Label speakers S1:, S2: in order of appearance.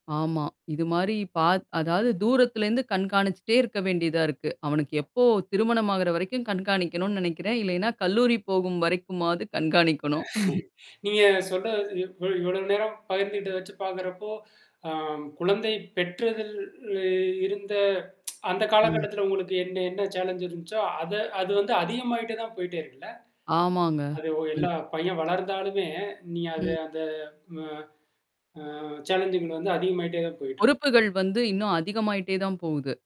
S1: ஆமா, இது மாரி பா அதாவது தூரத்திலிருந்து கண்காணிச்சிட்டே இருக்க வேண்டியதா இருக்கு. அவனுக்கு எப்போ திருமணம் ஆகிற வரைக்கும் கண்காணிக்கணும்னு நினைக்கிறேன். இல்லன்னா கல்லூரி போகும் வரைக்குமாவது கண்காணிக்கணும்.
S2: நீங்க சொல்ற இவ் இ இவ்வளவு நேரம் பகிர்ந்துகிட்டத வச்சு பார்க்கிறப்போ, அ குழந்தை பெற்றதில இ இருந்த அந்த
S1: ம்.
S2: காலகட்டத்துல உங்களுக்கு என்ன என்ன சேலன்ஜ் இருந்துச்சோ, அத அது வந்து அதிகமாயிட்டே தான் போய்ட்டே இருக்குல்ல?
S1: ஆமாங்க,
S2: அது ஒ
S1: ம்.
S2: எல்லாம் பையன் வளர்ந்தாலுமே, நீ அது
S1: ம்.
S2: அந்த அந்த அ அ சாலன்ஜிங் வந்து அதிகமாயிட்டே தான் போயிட்டுருக்கு.
S1: பொறுப்புகள் வந்து இன்னும் அதிகமாயிட்டே தான் போகுது.